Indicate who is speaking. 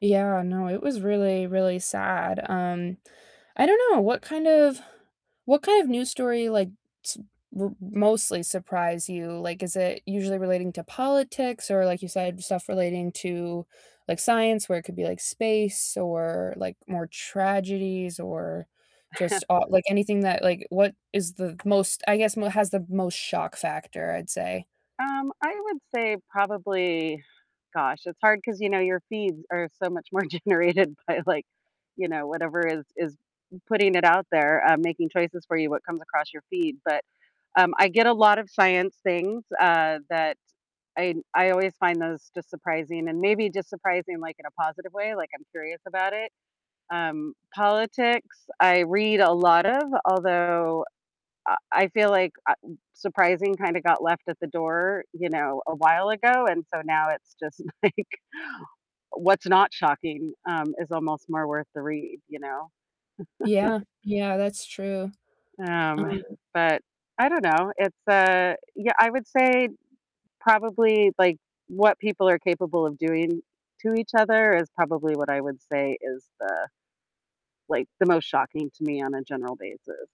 Speaker 1: Yeah, no, it was really, really sad. Um, I don't know, what kind of what kind of news story, like, s w mostly surprise you? Like, is it usually relating to politics or like you said, stuff relating to, like, science where it could be, like, space or, like, more tragedies or just all like, anything that, like, what is the most I guess m has the most shock factor, I'd say.
Speaker 2: Um, I would say probably gosh, it's hard 'cause, you know, your feeds are so much more generated by, like, you know, whatever is is putting it out there, um, making choices for you what comes across your feed. But, um, I get a lot of science things, uh, that I I always find those just surprising and maybe just surprising, like, in a positive way, like, I'm curious about it. Um, politics I read a lot of, although I I feel like, uh, surprising kinda got left at the door, you know, a while ago, and so now it's just, like, what's not shocking, um, is almost more worth the read, you know?
Speaker 1: Yeah. Yeah, that's true.
Speaker 2: Um,
Speaker 1: Um
Speaker 2: but, I don't know. It's, uh, yeah, I would say probably, like, what people are capable of doing to each other is probably what I would say is the, like, the most shocking to me on a general basis.